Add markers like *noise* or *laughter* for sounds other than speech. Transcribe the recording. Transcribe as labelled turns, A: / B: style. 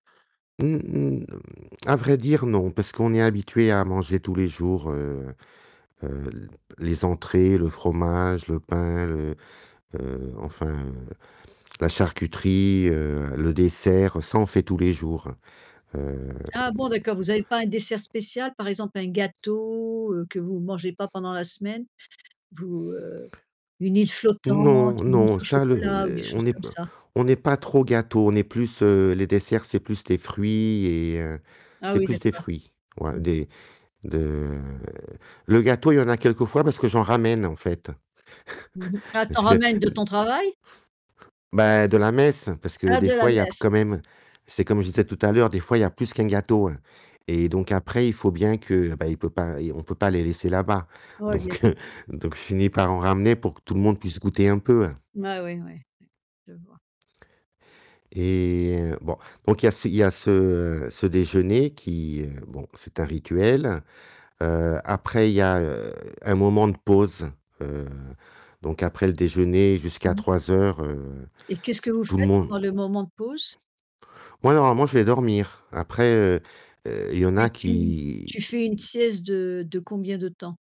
A: Mmh, mh, à vrai dire, non, parce qu'on est habitué à manger tous les jours, heu heu, les entrées, le fromage, le pain, le, heu, enfin, heu, la charcuterie, heu, le dessert, ça, on fait tous les jours, hem
B: Ah bon d'accord, vous avez pas un dessert spécial, par exemple un gâteau, heu, que vous mangez pas pendant la semaine? Vous, heu, une île flottante,
A: Non,
B: une
A: non,
B: mousse au
A: ça, le
B: chocolat ou des
A: les on
B: choses
A: n'est
B: comme
A: pas
B: ça?
A: n'est pas trop gâteau, on est plus, heu, les desserts, c'est plus les fruits et heu,
B: Ah
A: c'est
B: oui,
A: plus des
B: d'accord.
A: fruits, ouais,
B: Mmh.
A: des de le gâteau, il y en a quelques fois, parce que j'en ramène, en fait.
B: Mmh mh, ah,
A: *chuckles*
B: tu
A: parce
B: en
A: que
B: ramènes de
A: *chuckles*
B: ton travail?
A: Ben, de la messe, parce que
B: Ah,
A: des
B: de la
A: fois, il y a
B: messe!
A: quand même c'est comme je disais tout à l'heure, des fois il y a plus qu'un gâteau, hein, et donc après, il faut bien que ben, il peut pas on peut pas les laisser là-bas,
B: Ouais, bien sûr.
A: donc heu, donc je finis par en ramener pour que tout le monde puisse goûter un peu, hein
B: Ouais, ouais, ouais, ouais. Je vois.
A: et heu, bon, donc il y a c il y a ce, heu, ce déjeuner qui, heu bon, c'est un rituel, heu, après, il y a, heu, un moment de pause, heu, donc après le déjeuner jusqu'à
B: Mmh mh.
A: 15:00, heu,
B: Et qu'est-ce que vous
A: tout le
B: faites
A: monde
B: pendant le moment de pause?
A: Moi, normalement, je vais dormir, après, heu heu, il y en
B: Mais
A: a
B: tu
A: qui
B: tu fais une sieste de de combien de temps?